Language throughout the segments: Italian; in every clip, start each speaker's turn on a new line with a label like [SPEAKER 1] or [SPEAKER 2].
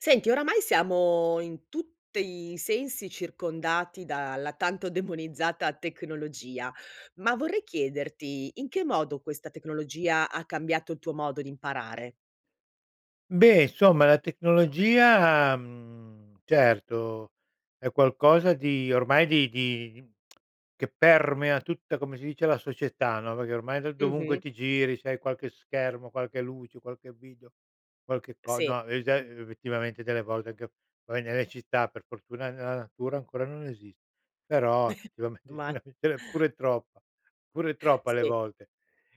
[SPEAKER 1] Senti, oramai, siamo in tutti i sensi circondati dalla tanto demonizzata tecnologia, ma vorrei chiederti: in che modo questa tecnologia ha cambiato tuo modo di imparare?
[SPEAKER 2] Beh, insomma, la tecnologia, mhmm, certo, è qualcosa di ormai di di che permea tutta, come si dice, la società, no, perché, ormai, d dovunque
[SPEAKER 1] Mh-mh.
[SPEAKER 2] ti giri, se hai qualche schermo, qualche luce, qualche video, qualche co
[SPEAKER 1] Sì.
[SPEAKER 2] no, e sa uhm, effettivamente delle volte che va bene lei ci sta, per fortuna, nella natura, ancora non esis però, effettivamente, ce
[SPEAKER 1] Ma
[SPEAKER 2] n'è ce n'è pure troppa pure troppa alle
[SPEAKER 1] Sì.
[SPEAKER 2] volte.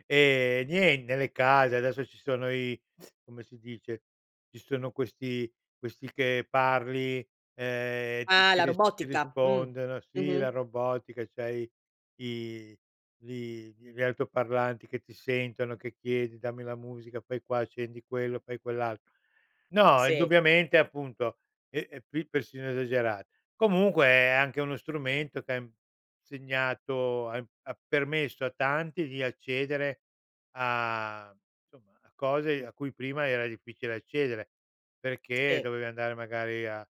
[SPEAKER 2] Ehm, nien nelle case adesso ci sono i come si dice, ci sono questi questi che parli, ehm,
[SPEAKER 1] Ah,
[SPEAKER 2] ti
[SPEAKER 1] la
[SPEAKER 2] ris ti
[SPEAKER 1] robotica. Mh,
[SPEAKER 2] rispondono, sì, la
[SPEAKER 1] mh-mh.
[SPEAKER 2] robotica, c'hai i li gl gli altoparlanti che ti sentono, che chiedi: "Dammi la musica, fai qua, accendi quello, fai quell'alt" no,
[SPEAKER 1] Sì.
[SPEAKER 2] indubbiamente, appunto, e e qui persino esagera Comunque è anche uno strumento che ha im segnato, ha mhmm, ha permesso a tanti di accedere a somma, a cose a cui prima era difficile accedere. Perché
[SPEAKER 1] Sì.
[SPEAKER 2] dovevi andare, magari, a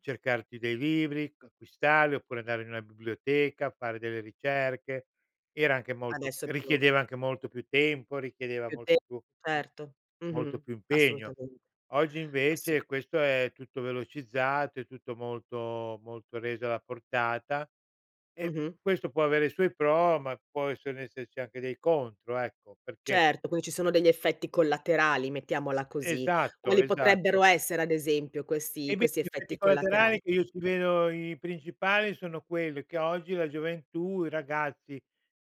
[SPEAKER 2] cercarti dei libri, c acquistarli oppure andare in una biblioteca, fare delle ricerche. Era anche molto
[SPEAKER 1] Adesso è più
[SPEAKER 2] richiedeva anche molto più tempo, richiedeva
[SPEAKER 1] Più te
[SPEAKER 2] molto pu
[SPEAKER 1] certo.
[SPEAKER 2] molto
[SPEAKER 1] Mh-mh,
[SPEAKER 2] più impegno.
[SPEAKER 1] assolutamen
[SPEAKER 2] Oggi,
[SPEAKER 1] asso
[SPEAKER 2] invece, questo è tutto velocizzato, è tutto molto molto reso alla portata. E
[SPEAKER 1] Mh-mh.
[SPEAKER 2] questo può avere i suoi pro, ma può esson esserci anche dei contro, ecco, perché
[SPEAKER 1] Certo, quindi ci sono degli effetti collaterali, mettiamola così.
[SPEAKER 2] Esatto,
[SPEAKER 1] Quali
[SPEAKER 2] esatto.
[SPEAKER 1] potrebbero essere, ad esempio, questi
[SPEAKER 2] Eh, beh,
[SPEAKER 1] questi
[SPEAKER 2] gli
[SPEAKER 1] effetti
[SPEAKER 2] effetti
[SPEAKER 1] collaterali?
[SPEAKER 2] collaterali, che io ci vedo, i pincipali, sono quelli che oggi la gioventù, i ragazzi,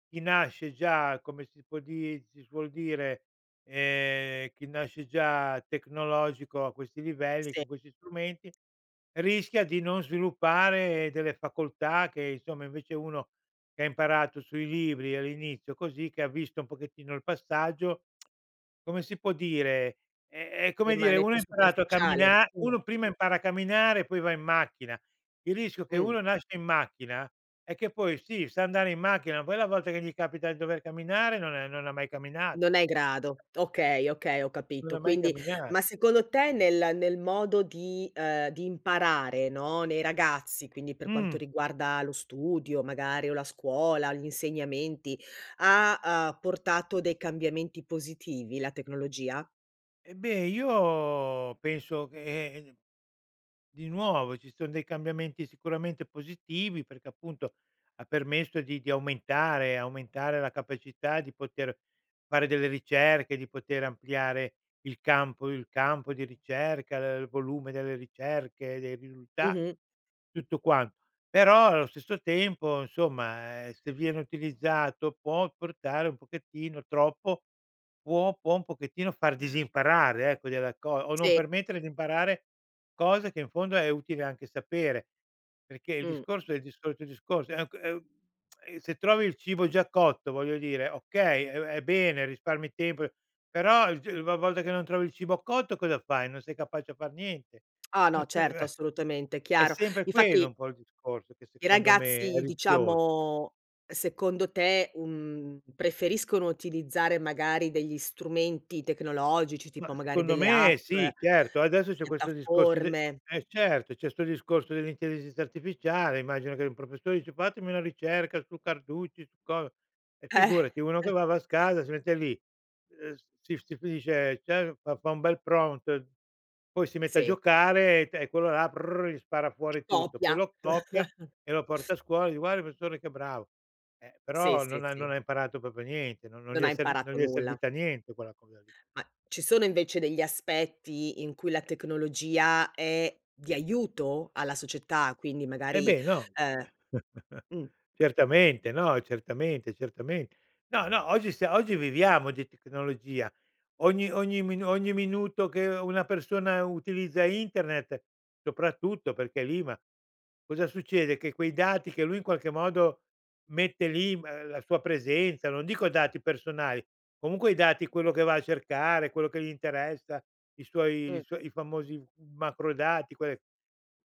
[SPEAKER 2] chi nasce già, come si può di si suol dire, ehm, chi nasce già tecnologico a questi livelli,
[SPEAKER 1] Sì.
[SPEAKER 2] con questi strumenti, rischia di non sviluppare delle facoltà che, insomma, invece, uno che ha imparato sui libri, all'inizio, così, che ha visto un pochettino il passaggio, come si può dire? È è come dire,
[SPEAKER 1] Rimane
[SPEAKER 2] uno ha
[SPEAKER 1] più
[SPEAKER 2] imparato a
[SPEAKER 1] superficiale,
[SPEAKER 2] cammina
[SPEAKER 1] mh.
[SPEAKER 2] uno prima impara a camminare, poi va in macchina. Il rischio che
[SPEAKER 1] Mh.
[SPEAKER 2] uno nasce in macchina, è che poi, sì, sa andare in macchina, poi la volta che gli capita dover camminare, non è non ha mai
[SPEAKER 1] Non è
[SPEAKER 2] camminato,
[SPEAKER 1] i grado.
[SPEAKER 2] eh.
[SPEAKER 1] Okay, okay ho
[SPEAKER 2] Non ha
[SPEAKER 1] capito.
[SPEAKER 2] mai
[SPEAKER 1] Quindi
[SPEAKER 2] cammina
[SPEAKER 1] ma, secondo te, nel nel modo di uhm, di imparare, no, nei ragazzi, quindi per quanto
[SPEAKER 2] Mh.
[SPEAKER 1] riguarda lo studio, magari, o la scuola, gli insegnamenti, ha, uhm, portato dei cambiamenti positivi la tecnologia?
[SPEAKER 2] Eh, beh, io penso che uhm, di nuovo, ci son dei cambiamenti sicuramente positivi perché, appunto, ha permesso di di aumentare aumentare la capacità di poter fare delle ricerche, di poter ampliare il campo il campo di ricerca, uhm, il volume delle ricerche, dei risultati,
[SPEAKER 1] Mh-mh.
[SPEAKER 2] tutto quan però, allo stesso tempo, insomma, ehm, se viene utilizzato, può portare un pochettino troppo può può un pochettino far disimparare, ecco, della co o non
[SPEAKER 1] Sì.
[SPEAKER 2] permettere di imparare cose che, in fondo, è utile anche sapere. Perché il
[SPEAKER 1] Mh.
[SPEAKER 2] discorso è il di solito discorso, uhm, c uhm, ehm, se trovi il cibo già cotto, voglio dire, okay, è è bene, risparmi tempo, però, uhm, g va volta che non trovi il cibo cotto, cosa fai? Non sei capace a far niente.
[SPEAKER 1] Ah no, certo, assolutamente,
[SPEAKER 2] È
[SPEAKER 1] chiaro.
[SPEAKER 2] sempre quello
[SPEAKER 1] Infatti
[SPEAKER 2] un po' il discorso che,
[SPEAKER 1] i
[SPEAKER 2] secondo me, è
[SPEAKER 1] ragazzi,
[SPEAKER 2] rischios
[SPEAKER 1] diciamo, secondo te, uhm, preferiscono utilizzare, magari, degli strumenti tecnologici,
[SPEAKER 2] Mah,
[SPEAKER 1] tipo, magari,
[SPEAKER 2] secondo
[SPEAKER 1] delle
[SPEAKER 2] me,
[SPEAKER 1] app,
[SPEAKER 2] sì, certo, adesso c'è questo discorso d
[SPEAKER 1] piattaforme?
[SPEAKER 2] eh, certo, c'è 'sto discorso dell'intelligenza artificiale, immagino che un professore dice: "Fatemi una ricerca su Carducci, su co"; eh, figurati uno che va va a casa, si mette lì, uhm, si f si fi cioè cioè, fa fa un bel prompt, poi si mette a
[SPEAKER 1] Sì.
[SPEAKER 2] giocare, e te e quello là: prrr, gli spara fuori tutto. Poi
[SPEAKER 1] Copia.
[SPEAKER 2] lo copia e lo porta a scuola e di "Guardi, pressore, che bravo"; eh,
[SPEAKER 1] Sì,
[SPEAKER 2] però
[SPEAKER 1] sì,
[SPEAKER 2] non ha non
[SPEAKER 1] sì.
[SPEAKER 2] ha imparato proprio niente, no non gli
[SPEAKER 1] Non
[SPEAKER 2] è
[SPEAKER 1] ha
[SPEAKER 2] ser non
[SPEAKER 1] imparato
[SPEAKER 2] gli è
[SPEAKER 1] nulla.
[SPEAKER 2] servita a niente quella cosa lì.
[SPEAKER 1] Ma ci sono, invece, degli aspetti in cui la tecnologia è di aiuto alla società, quindi,
[SPEAKER 2] Eh
[SPEAKER 1] magari,
[SPEAKER 2] beh, no, vabbè
[SPEAKER 1] uhm mh.
[SPEAKER 2] certamente, no, certamente, certamen no, no, oggi sia oggi viviamo di tecnologia. Ogni ogni minu ogni minuto che una persona utilizza Internet, soprattutto perché lì ma cosa succede, che quei dati che lui, in qualche modo, mette lì, mhmm, la sua presenza, non dico dati personali. Comunque i dati quello che va a cercare, quello che gli interessa, i suoi i
[SPEAKER 1] Mh.
[SPEAKER 2] suo i famosi macro dati, quelle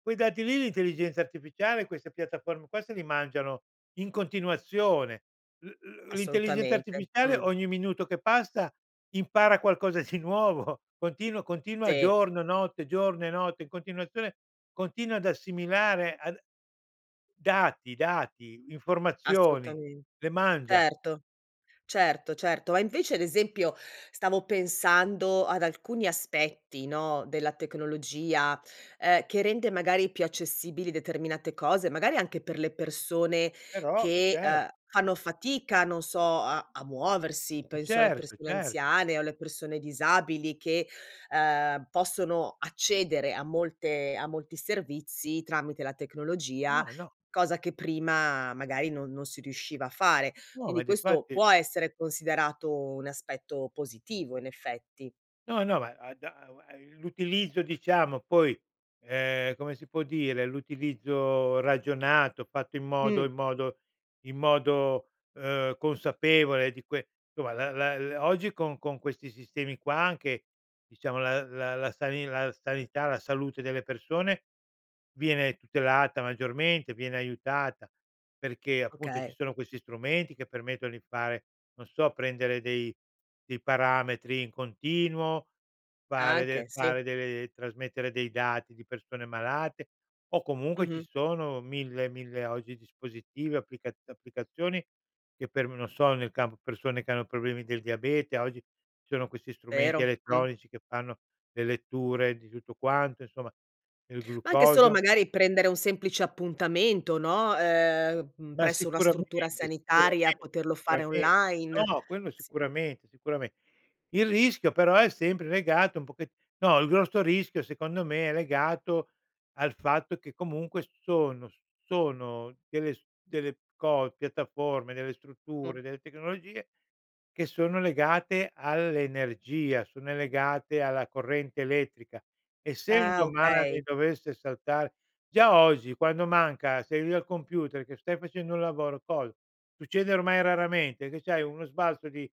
[SPEAKER 2] quei dati lì, l'intelligenza artificiale, queste piattaforme qua se li mangiano in continuazione. L l l'intelligenza
[SPEAKER 1] Assolutamente,
[SPEAKER 2] artificiale
[SPEAKER 1] mh.
[SPEAKER 2] ogni minuto che passa impara qualcosa di nuovo, continua continua
[SPEAKER 1] Sì.
[SPEAKER 2] giorno, notte, giorno e notte in continuazione continua ad assimilare ad dati, dati, informazioni,
[SPEAKER 1] Assolutamen
[SPEAKER 2] le mangia.
[SPEAKER 1] certo, certo, certo. Ma, invece, ad esempio, stavo pensando ad alcuni aspetti, no, della tecnologia, uhm, che rende, magari, più accessibili determinate cose, magari anche per le persone
[SPEAKER 2] Però
[SPEAKER 1] che,
[SPEAKER 2] cer
[SPEAKER 1] uhm, fanno fatica, non so, a a muoversi.
[SPEAKER 2] Eh,
[SPEAKER 1] Penso alle
[SPEAKER 2] certo,
[SPEAKER 1] persone
[SPEAKER 2] certo.
[SPEAKER 1] anziane o alle persone disabili che, uhm, possono accedere a molte a molti servizi tramite la tecnologia,
[SPEAKER 2] No, no.
[SPEAKER 1] cosa che prima, magari, non non si riusciva a fare.
[SPEAKER 2] No, ma
[SPEAKER 1] Quindi questo
[SPEAKER 2] difatti
[SPEAKER 1] può essere considerato un aspetto positivo, in effetti.
[SPEAKER 2] No, no, ma ad a ua i l'utilizzo diciamo, poi, ehm, come si può dire, l'utilizzo ragionato, fatto in modo
[SPEAKER 1] Mh.
[SPEAKER 2] in modo in modo, uhm, consapevole di que insomma, la la l oggi con con questi sistemi qua anche, diciamo, la la la sani la sanità, la salute delle persone viene tutelata maggiormente, viene aiutata. Perché, appunto, ci
[SPEAKER 1] Okay.
[SPEAKER 2] sono questi strumenti che permettono di fare non so, prendere dei dei parametri in continuo, fare
[SPEAKER 1] Anche,
[SPEAKER 2] de
[SPEAKER 1] sì.
[SPEAKER 2] fare delle trasmettere dei dati di persone malate o, comunque, ci
[SPEAKER 1] Mh-mh.
[SPEAKER 2] sono mille mille oggi, dispositivi, applicat applicazioni che per non so, nel campo persone che hanno problemi del diabete, oggi ci sono questi strumenti
[SPEAKER 1] Vero, mh.
[SPEAKER 2] elettronici che fanno le letture di tutto quanto, insomma, il
[SPEAKER 1] Anche solo,
[SPEAKER 2] glucosio.
[SPEAKER 1] magari, prendere un semplice appuntamento, no, uhm, mhmm,
[SPEAKER 2] Ma
[SPEAKER 1] presso una
[SPEAKER 2] sicuramente,
[SPEAKER 1] struttura sanitaria,
[SPEAKER 2] sicuramente.
[SPEAKER 1] poterlo fare
[SPEAKER 2] [unintelligible]
[SPEAKER 1] online,
[SPEAKER 2] No, quello
[SPEAKER 1] s
[SPEAKER 2] sicuramente, sicurame il rischio, però, è sempre legato un poche no, il grosso rischio, secondo me, è legato al fatto che comunque sono s sono delle s delle co piattaforme, delle
[SPEAKER 1] Mh.
[SPEAKER 2] strutture, delle tecnologie che sono legate all'energia, sono legate alla corrente elettrica.
[SPEAKER 1] Ah,
[SPEAKER 2] Essendo male,
[SPEAKER 1] okay.
[SPEAKER 2] dovesse saltare già oggi, quando manca sei lì al computer che stai facendo un lavoro col succede ormai raramente che c'hai uno sbalzo di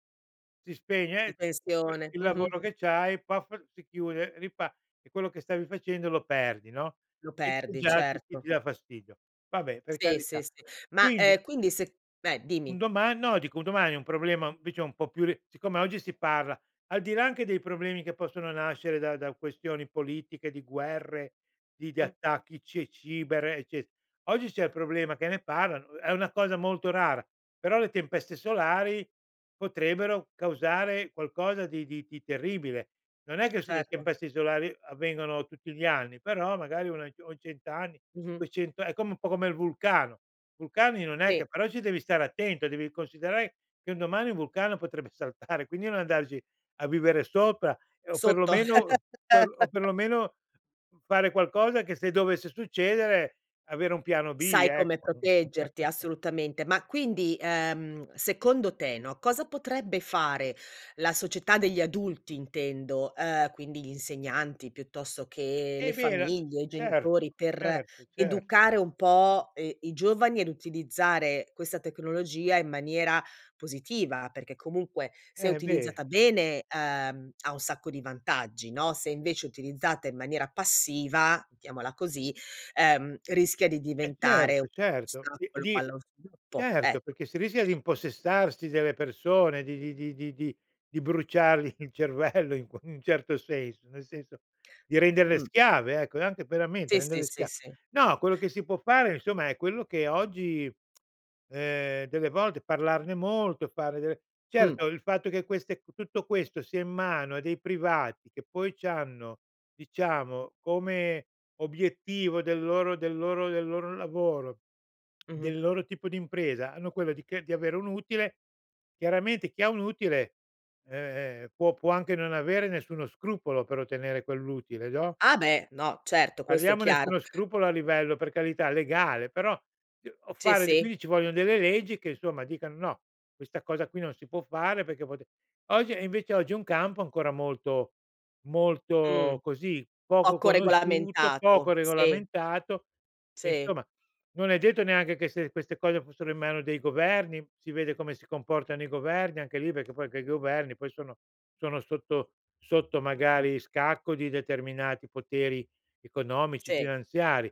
[SPEAKER 2] si spegne
[SPEAKER 1] Di
[SPEAKER 2] eh
[SPEAKER 1] tensione,
[SPEAKER 2] il
[SPEAKER 1] mh-mh.
[SPEAKER 2] lavoro che c'hai [unintelligible] si chiude, ripa e quello che stavi facendo lo perdi, no?
[SPEAKER 1] Lo
[SPEAKER 2] E e
[SPEAKER 1] perdi,
[SPEAKER 2] già ti ti ti
[SPEAKER 1] certo.
[SPEAKER 2] dà fastidio. Vabbè, per
[SPEAKER 1] Sì, sì,
[SPEAKER 2] carità.
[SPEAKER 1] sì. Ma,
[SPEAKER 2] Quindi
[SPEAKER 1] ehm, quindi se beh, dimmi.
[SPEAKER 2] un doma no, dico, un domani è un problema, invece, ho un po' più ri siccome oggi si parla al di là anche dei problemi che possono nascere da da questioni politiche di guerre, di di
[SPEAKER 1] Mh.
[SPEAKER 2] attacchi cie ciber, ecce oggi c'è il problema che ne parlano. È una cosa molto rara, però le tempeste solari potrebbero causare qualcosa di di di terribile. Non è che sulle
[SPEAKER 1] Certo.
[SPEAKER 2] tempeste solari avvengono tutti gli anni, però, magari, una i o 100 anni,
[SPEAKER 1] Mh-mh.
[SPEAKER 2] 200, è come un po' come il vulcano. Vulcani non è
[SPEAKER 1] Sì.
[SPEAKER 2] che però ci devi stare attento, devi considerare che un domani un vulcano potrebbe saltare, quindi non andarci a vivere sopra o
[SPEAKER 1] Sotto.
[SPEAKER 2] perlomeno per o perlomeno, fare qualcosa che se dovesse succedere, avere un piano B,
[SPEAKER 1] Sai come
[SPEAKER 2] ecco.
[SPEAKER 1] proteggerti, assolutamente. Ma, quindi, ehm, secondo te, no, cosa potrebbe fare la società degli adulti, intendo, uhm, quindi gli insegnanti, piuttosto che le
[SPEAKER 2] Eh, beh, la
[SPEAKER 1] famiglie, i
[SPEAKER 2] certo,
[SPEAKER 1] genitori, per
[SPEAKER 2] certo, cer
[SPEAKER 1] educare un po', uhm, i giovani ad utilizzare questa tecnologia in maniera positiva? Perché, comunque, se
[SPEAKER 2] Eh, beh.
[SPEAKER 1] utilizzata bene, uhm, ha un sacco di vantaggi, no? Se, invece, è utilizzata in maniera passiva, mettiamola così, ehm, rischia di
[SPEAKER 2] Eh,
[SPEAKER 1] diventare
[SPEAKER 2] certo, certo. Di
[SPEAKER 1] ostacolo
[SPEAKER 2] di
[SPEAKER 1] allo sviluppo,
[SPEAKER 2] certo,
[SPEAKER 1] ec
[SPEAKER 2] perché si rischia di impossessarsi delle persone di di di di di di bruciargli il cervello in qu un certo senso. Nel senso di renderle
[SPEAKER 1] Mh.
[SPEAKER 2] schiave, ecco, anche, veramente,
[SPEAKER 1] Sì, sì,
[SPEAKER 2] renderle
[SPEAKER 1] sì,
[SPEAKER 2] schia
[SPEAKER 1] sì.
[SPEAKER 2] no, quello che si può fare, insomma, è quello che oggi, ehm, delle volte parlarne molto e fare delle certo,
[SPEAKER 1] Mh.
[SPEAKER 2] il fatto che queste c tutto questo sia in mano a dei privati che poi c'hanno, diciamo, come obiettivo del loro del loro del loro lavoro,
[SPEAKER 1] Mh-mh.
[SPEAKER 2] del loro tipo di impresa hanno quello di che di avere un utile. Chiaramente, chi ha un utile, ehm, può può anche non avere nessuno scrupolo per ottenere quell'utile, no?
[SPEAKER 1] Ah, beh, no, certo, questo è
[SPEAKER 2] Parliamo
[SPEAKER 1] chiaro.
[SPEAKER 2] nessuno scrupolo a livello, per carità, legale, però t o
[SPEAKER 1] Sì,
[SPEAKER 2] fare d
[SPEAKER 1] sì.
[SPEAKER 2] quindi ci voglion delle leggi che, insomma, dicano: "No, questa cosa qui non si può fare perché pote" oggi e, invece, oggi è un campo ancora molto
[SPEAKER 1] Mh,
[SPEAKER 2] molto così, poco
[SPEAKER 1] poco
[SPEAKER 2] conosciuto, poco
[SPEAKER 1] regolamentato, sì.
[SPEAKER 2] regolamentato e,
[SPEAKER 1] Sì.
[SPEAKER 2] insomma, non è detto neanche che se queste cose fossero in mano a dei governi, si vede come si comportano i governi, anche lì, perché poi che i governi poi sono sono sotto sotto,
[SPEAKER 1] Mh.
[SPEAKER 2] magari, scacco di determinati poteri economici,
[SPEAKER 1] Sì.
[SPEAKER 2] finanziari.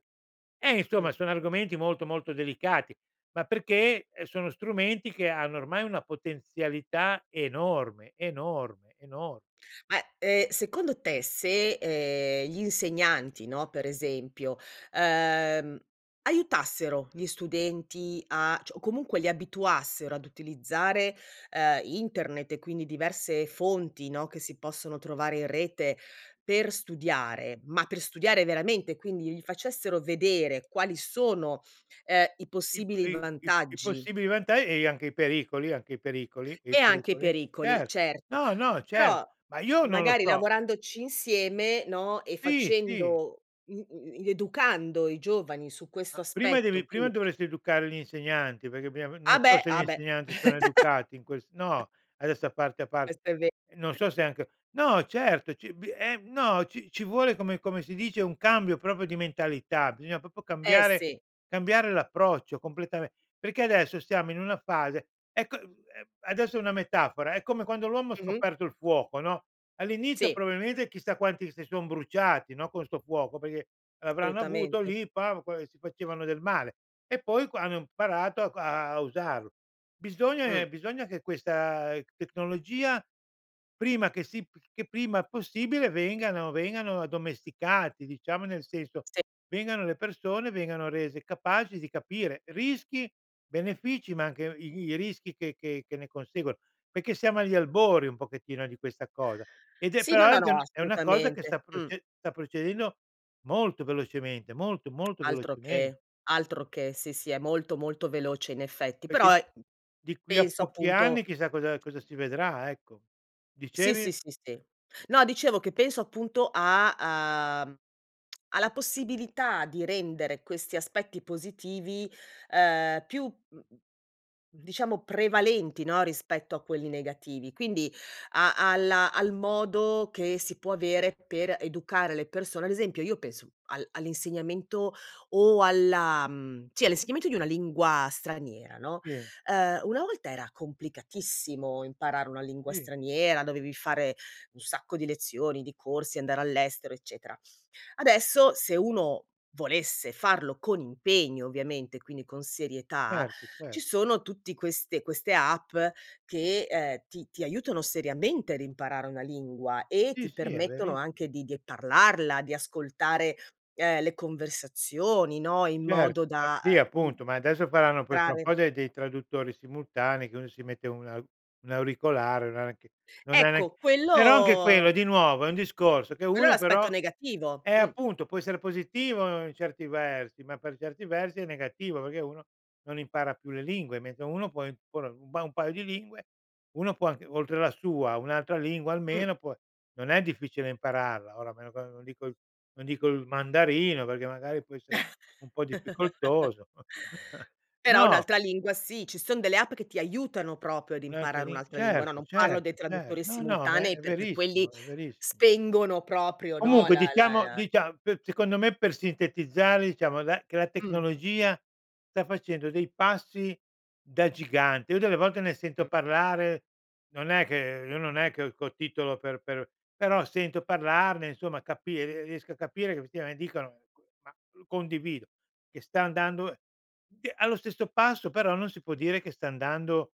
[SPEAKER 2] Eh, insomma,
[SPEAKER 1] Mh.
[SPEAKER 2] sono argomenti molto, molto delicati, ma perché, uhm, sono strumenti che hanno ormai una potenzialità enorme, enorme, enor
[SPEAKER 1] Ma, ehm, secondo te, se, ehm, gli insegnanti, no, per esempio, uhm, aiutassero gli studenti a cioè, o, comunque, li abituassero ad utilizzare, uhm, internet e, quindi, diverse fonti, no, che si possono trovare in rete per studiare, ma per studiare veramente quindi gli facessero vedere quali sono, uhm, i
[SPEAKER 2] I p
[SPEAKER 1] possibili
[SPEAKER 2] i i i
[SPEAKER 1] vantaggi?
[SPEAKER 2] possibili vanta e anche i pericoli, anche i pericoli, e i
[SPEAKER 1] E anche i
[SPEAKER 2] pericoli.
[SPEAKER 1] pericoli,
[SPEAKER 2] Cer
[SPEAKER 1] certo.
[SPEAKER 2] no, no, cer
[SPEAKER 1] Però,
[SPEAKER 2] ma io non lo
[SPEAKER 1] magari,
[SPEAKER 2] so.
[SPEAKER 1] lavorandoci insieme, no, e
[SPEAKER 2] Sì, sì.
[SPEAKER 1] facendo, mhmm, i educando i giovani su questo
[SPEAKER 2] A prima
[SPEAKER 1] aspetto,
[SPEAKER 2] devi prima
[SPEAKER 1] quin
[SPEAKER 2] dovresti educare gli insegnanti perché prima non
[SPEAKER 1] Ah,
[SPEAKER 2] so
[SPEAKER 1] beh!
[SPEAKER 2] se gli
[SPEAKER 1] Ah, beh.
[SPEAKER 2] insegnanti sono educati in ques no, adesso a parte a par
[SPEAKER 1] Questo è ve
[SPEAKER 2] non so se anche no, certo, ci bi ehm, no, ci ci vuole come come si dice, un cambio proprio di mentalità, bisogna proprio
[SPEAKER 1] Eh
[SPEAKER 2] cambiare
[SPEAKER 1] sì.
[SPEAKER 2] cambiare l'approccio completame perché adesso stiamo in una fase ecco, uhm, adesso è una metafora: è come quando l'uomo ha
[SPEAKER 1] Mh-mh.
[SPEAKER 2] scoperto il fuoco, no? All'inizio
[SPEAKER 1] Sì.
[SPEAKER 2] probabilmente chissà quanti si son bruciati, no, con sto fuoco perché l'avranno avuto
[SPEAKER 1] Assolutamente.
[SPEAKER 2] lì, pam, qua e si facevano del male. E poi qua hanno imparato a usarlo. Bisogna
[SPEAKER 1] Mh.
[SPEAKER 2] ehm, bisogna che questa tecnologia prima che si p che prima possibile, vengano vengano addomesticati, diciamo, nel senso,
[SPEAKER 1] Sì.
[SPEAKER 2] vengano le persone, vengano rese capaci di capire rischi, benefici, ma anche i i rischi che che che ne conseguo. Perché siamo agli albori un pochettino di questa cosa ed è
[SPEAKER 1] Sì.
[SPEAKER 2] però
[SPEAKER 1] No,
[SPEAKER 2] è
[SPEAKER 1] no, no,
[SPEAKER 2] anche è una cosa che
[SPEAKER 1] assolutamente.
[SPEAKER 2] sta
[SPEAKER 1] Mh.
[SPEAKER 2] proce sta procedendo molto velocemente, molto, molto
[SPEAKER 1] Altro
[SPEAKER 2] velocemen
[SPEAKER 1] che, altro che. Sì, sì, è molto, molto veloce, in effetti, però
[SPEAKER 2] Perché,
[SPEAKER 1] è
[SPEAKER 2] di qui a
[SPEAKER 1] penso
[SPEAKER 2] pochi anni,
[SPEAKER 1] appunto
[SPEAKER 2] chissà cosa cosa si vedrà, ecco.
[SPEAKER 1] Sì, sì,
[SPEAKER 2] Dicevi?
[SPEAKER 1] sì, sì. No, dicevo che penso, appunto, a uhm, alla possibilità di rendere questi aspetti positivi, uhm, più, mhmm, diciamo, prevalenti, no, rispetto a quelli negativi, quindi a alla al modo che si può avere per educare le persone, ad esempio: io penso al all'insegnamento o alla mhmm, sì, all'insegnamento di una lingua straniera, no?
[SPEAKER 2] Sì.
[SPEAKER 1] Ehm, una volta era complicatissimo imparare una lingua
[SPEAKER 2] Sì.
[SPEAKER 1] straniera, dovevi fare un sacco di lezioni, di corsi, andare all'estero, eccetera. Adesso, se uno volesse farlo con impegno, ovviamente, quindi con serietà,
[SPEAKER 2] Erto,
[SPEAKER 1] ci
[SPEAKER 2] cer
[SPEAKER 1] sono tutti queste queste app che, ehm, ti ti aiutano seriamente ad imparare una lingua e
[SPEAKER 2] Sì,
[SPEAKER 1] ti
[SPEAKER 2] sì, è
[SPEAKER 1] permettono
[SPEAKER 2] veri
[SPEAKER 1] anche di die parlarla, di ascoltare, uhm, le conversazioni, no, in modo
[SPEAKER 2] Cert ap sì,
[SPEAKER 1] da, uhm,
[SPEAKER 2] appunto, ma adesso
[SPEAKER 1] m
[SPEAKER 2] faranno poi fra un po'
[SPEAKER 1] entrare
[SPEAKER 2] dei dei traduttori simultanei che uno si mette un au un auricolare, na neanche non ha neanc
[SPEAKER 1] Ecco,
[SPEAKER 2] però anche
[SPEAKER 1] quello
[SPEAKER 2] quello, di nuovo, è un discorso che
[SPEAKER 1] quello è
[SPEAKER 2] uno
[SPEAKER 1] l'aspetto
[SPEAKER 2] però
[SPEAKER 1] negativo,
[SPEAKER 2] eh,
[SPEAKER 1] mh.
[SPEAKER 2] appunto, può essere positivo in certi versi, ma per certi versi è negativo perché uno non impara più le lingue, mente uno può ancora un ba un paio di lingue, uno può anche oltre la sua, un'altra lingua,
[SPEAKER 1] Mh.
[SPEAKER 2] almeno può non è difficile impararla. Ora a meno che non dico non dico il mandarino perché, magari, può essere un po' difficoltoso.
[SPEAKER 1] Però
[SPEAKER 2] No!
[SPEAKER 1] un'altra lingua sì, ci son delle app che ti aiutano proprio ad
[SPEAKER 2] Un'altra
[SPEAKER 1] imparare
[SPEAKER 2] li
[SPEAKER 1] un'altra lingua. No,
[SPEAKER 2] certo,
[SPEAKER 1] non parlo dei
[SPEAKER 2] certo, cer
[SPEAKER 1] traduttori
[SPEAKER 2] no, no, ma
[SPEAKER 1] simultanei
[SPEAKER 2] è
[SPEAKER 1] perché quelli
[SPEAKER 2] verissimo, è verissimo.
[SPEAKER 1] spengono, proprio, no,
[SPEAKER 2] Comunque,
[SPEAKER 1] la la
[SPEAKER 2] diciamo
[SPEAKER 1] la
[SPEAKER 2] dicia pe secondo me, per sintetizzare, diciamo, la che la
[SPEAKER 1] Mh.
[SPEAKER 2] tecnologia sta facendo dei passi da gigante. Io delle volte ne sento
[SPEAKER 1] Mh.
[SPEAKER 2] parlare, non è che io non è che ho co titolo per per però sento parlarne, insomma, capi ehm, riesco a capire che [unintelligible] dicono, ma, uhm, condivido, che sta andando e d allo stesso passo, però, non si può dire che sta andando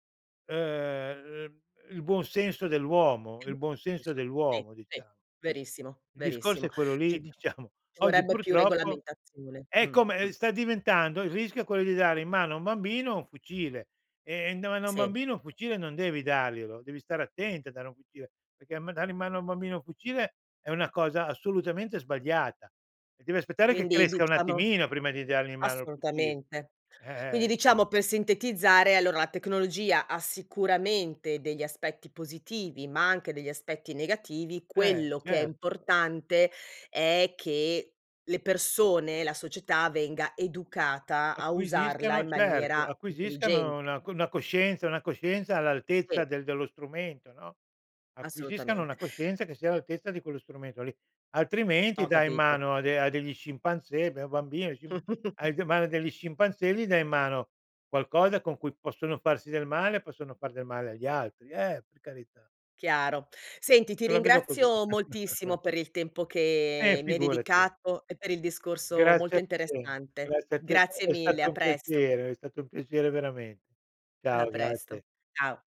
[SPEAKER 2] uhm, il buon senso dell'uomo, il buon senso
[SPEAKER 1] Isso, sì,
[SPEAKER 2] dell'uomo,
[SPEAKER 1] sì.
[SPEAKER 2] dicia
[SPEAKER 1] Verissimo,
[SPEAKER 2] Discorso
[SPEAKER 1] verissimo.
[SPEAKER 2] è quello
[SPEAKER 1] Ci
[SPEAKER 2] lì, diciamo.
[SPEAKER 1] ci
[SPEAKER 2] Oggi,
[SPEAKER 1] vorrebbe più
[SPEAKER 2] purtroppo,
[SPEAKER 1] regolamentazione, mh,
[SPEAKER 2] è come
[SPEAKER 1] mh.
[SPEAKER 2] uhm, sta diventando il rischio è quello di dare in mano a un bambino un fucile e n da mano a un
[SPEAKER 1] Sì.
[SPEAKER 2] bambino un fucile non devi darglielo, devi stare attento a dare un fucile perché m dare in mano a un bambino un fucile è una cosa assolutamente sbagliata. E devi aspettare che
[SPEAKER 1] Quindi,
[SPEAKER 2] cresca un
[SPEAKER 1] diciamo
[SPEAKER 2] attimino prima di dargli in mano il fucil
[SPEAKER 1] assolutamente. Quindi,
[SPEAKER 2] eh, eh. [unintelligible]
[SPEAKER 1] diciamo, per sintetizzare, allora, la tecnologia ha sicuramente degli aspetti positivi, ma anche degli aspetti negativi.
[SPEAKER 2] Eh,
[SPEAKER 1] Quello che è
[SPEAKER 2] certo.
[SPEAKER 1] importante è che le persone la società venga educata a usarla
[SPEAKER 2] Acquisiscano
[SPEAKER 1] in
[SPEAKER 2] certo,
[SPEAKER 1] maniera
[SPEAKER 2] acquisiscano
[SPEAKER 1] intelligente.
[SPEAKER 2] una c una coscienza una coscienza
[SPEAKER 1] Sì.
[SPEAKER 2] all'altezza del dello strumento, no, acquisiscano una
[SPEAKER 1] Assolutamente.
[SPEAKER 2] coscienza che sia all'altezza di quello strumento lì. Altrimenti
[SPEAKER 1] Ho
[SPEAKER 2] dai in
[SPEAKER 1] capito.
[SPEAKER 2] mano a de a degli scimpanzé beh un bambino, scim hai de mano degli scimpanzé gli dai in mano qualcosa con cui possono farsi del male, possono far del male agli altri, eh per carità.
[SPEAKER 1] Chiaro. Senti, ti
[SPEAKER 2] Io la vedo così.
[SPEAKER 1] ringrazio moltissimo per il tempo
[SPEAKER 2] Eh,
[SPEAKER 1] che mi hai
[SPEAKER 2] figurati.
[SPEAKER 1] dedicato e per il discorso
[SPEAKER 2] Grazie
[SPEAKER 1] molto
[SPEAKER 2] a te,
[SPEAKER 1] interessante.
[SPEAKER 2] grazie a te. È st
[SPEAKER 1] Grazie
[SPEAKER 2] è
[SPEAKER 1] mille,
[SPEAKER 2] stato
[SPEAKER 1] a
[SPEAKER 2] un
[SPEAKER 1] presto.
[SPEAKER 2] piacere, è stato un piacere veramen
[SPEAKER 1] A
[SPEAKER 2] ciao,
[SPEAKER 1] presto,
[SPEAKER 2] grate.
[SPEAKER 1] ciao.